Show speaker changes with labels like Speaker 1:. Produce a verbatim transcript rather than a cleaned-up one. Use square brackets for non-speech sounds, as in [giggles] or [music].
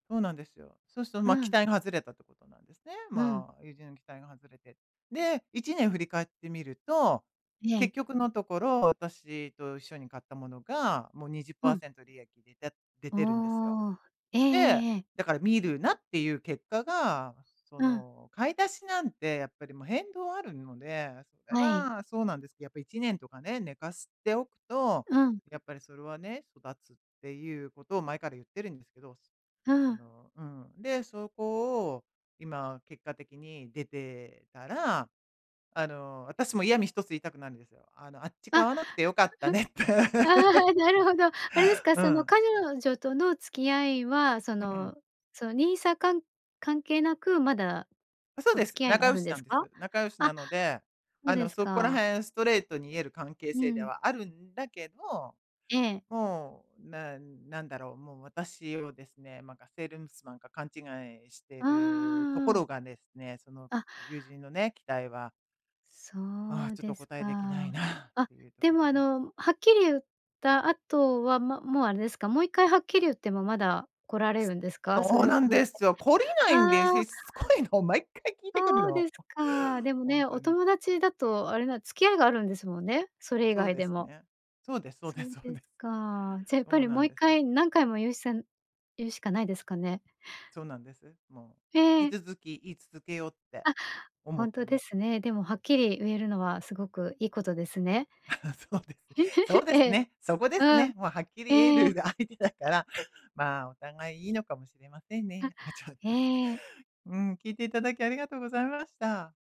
Speaker 1: そうなんですよ。そうすと、
Speaker 2: う
Speaker 1: まあ、期
Speaker 2: ん。
Speaker 1: 待が外れたってことなんですね。
Speaker 2: うん。
Speaker 1: まあ、友人の期待が外れて。で、いちねん振り返ってみると、
Speaker 2: ええ。
Speaker 1: 結局のところ、私と一緒に買ったものが、もうにじゅっ
Speaker 2: う
Speaker 1: パー
Speaker 2: ん。
Speaker 1: セント利益出た出てるんですよ。
Speaker 2: おお。ええ
Speaker 1: で、
Speaker 2: ええええ。
Speaker 1: だから見るなっていう結果が、そ
Speaker 2: うん。
Speaker 1: の、買い出しなんて、やっぱりもう変動あるので、それ
Speaker 2: はい。
Speaker 1: はそうなんです、やっぱいちねんとかね、寝かすておくと、
Speaker 2: うん。
Speaker 1: やっぱりそれはね、育つっていうことを前から言ってるんですけどす。
Speaker 2: う
Speaker 1: あ
Speaker 2: ん。
Speaker 1: の、うん、で、そこを、今、結果的に出てたら、あの、私も嫌味一つ言いたくなるんですよ。あの、あっ
Speaker 2: あ。
Speaker 1: ち買わなくて良かったねって。
Speaker 2: [giggles] あ
Speaker 1: [laughs]
Speaker 2: あ、なるほど。あれですか？
Speaker 1: う
Speaker 2: その
Speaker 1: ん。
Speaker 2: かにょじょとの付き合いはそ
Speaker 1: うう
Speaker 2: の
Speaker 1: ん。
Speaker 2: その NISA、かん関係なくまだ、
Speaker 1: そう
Speaker 2: お
Speaker 1: で
Speaker 2: 付
Speaker 1: す。
Speaker 2: き合いが
Speaker 1: 仲
Speaker 2: あ
Speaker 1: 良
Speaker 2: るん
Speaker 1: しな
Speaker 2: です
Speaker 1: んで
Speaker 2: か？
Speaker 1: す。仲良しな
Speaker 2: あ、
Speaker 1: ので、
Speaker 2: ふ
Speaker 1: あ
Speaker 2: で
Speaker 1: の、
Speaker 2: す
Speaker 1: そこら
Speaker 2: か。
Speaker 1: 辺ストレートに言える関係
Speaker 2: う
Speaker 1: 性で
Speaker 2: ん。
Speaker 1: はあるんだけど、
Speaker 2: ええ。
Speaker 1: もう、なんなんだろう、もう私をですね、ま、がセールンスマンか勘違いして
Speaker 2: ああああ、
Speaker 1: るとこ
Speaker 2: うん。
Speaker 1: ろがですね、その、
Speaker 2: あ。
Speaker 1: 友人のね、期待はあ
Speaker 2: そ
Speaker 1: あ、
Speaker 2: う
Speaker 1: ちょっと
Speaker 2: で
Speaker 1: お
Speaker 2: す
Speaker 1: 答えできな
Speaker 2: か。
Speaker 1: いなっ
Speaker 2: あ、
Speaker 1: ていうと
Speaker 2: で
Speaker 1: こ
Speaker 2: も
Speaker 1: ろ
Speaker 2: あ
Speaker 1: で。
Speaker 2: の、はっきり言った後は、ま、もうあれですか、もう一回はっきり言ってもまだ来られ
Speaker 1: す
Speaker 2: るんですか、そ
Speaker 1: そう
Speaker 2: れを
Speaker 1: なん
Speaker 2: 越え
Speaker 1: で
Speaker 2: て。
Speaker 1: すよ！懲りないんで、
Speaker 2: ああ。
Speaker 1: しつこいの。毎回聞いてくる
Speaker 2: そう
Speaker 1: の。
Speaker 2: ですか。でも
Speaker 1: ほん
Speaker 2: ね、
Speaker 1: と
Speaker 2: お
Speaker 1: に。
Speaker 2: 友達だと、あれな付き合いがあるんですもんね、それ以
Speaker 1: そう
Speaker 2: 外
Speaker 1: で
Speaker 2: で
Speaker 1: す
Speaker 2: も。
Speaker 1: ね。そうですそうで
Speaker 2: そう
Speaker 1: そう
Speaker 2: で
Speaker 1: で。
Speaker 2: すか。じゃ、やっぱ
Speaker 1: おう
Speaker 2: り
Speaker 1: な
Speaker 2: もう
Speaker 1: ん
Speaker 2: 一
Speaker 1: でよ。
Speaker 2: 回、何回も言うせん言うしかないですかね？
Speaker 1: そうなんです。もう、引
Speaker 2: え
Speaker 1: き
Speaker 2: え。
Speaker 1: 続き言い続けようって
Speaker 2: あ、
Speaker 1: 思
Speaker 2: ほ
Speaker 1: っ
Speaker 2: ん
Speaker 1: て
Speaker 2: とで
Speaker 1: ます。
Speaker 2: すね。でもはっきりうえるのはすごくいいことですね。
Speaker 1: [chuckles] そうです。そ
Speaker 2: [giggles]
Speaker 1: うです
Speaker 2: ええ。
Speaker 1: ね！そこです
Speaker 2: うん。
Speaker 1: ね。もうはっきり言え
Speaker 2: え
Speaker 1: る
Speaker 2: え。
Speaker 1: が相手だから、まあ、お互いいいのかもしれません
Speaker 2: あ、
Speaker 1: ね。あ、ちょっと。
Speaker 2: ええ。
Speaker 1: うーん、聞いていただきありがとうございまた。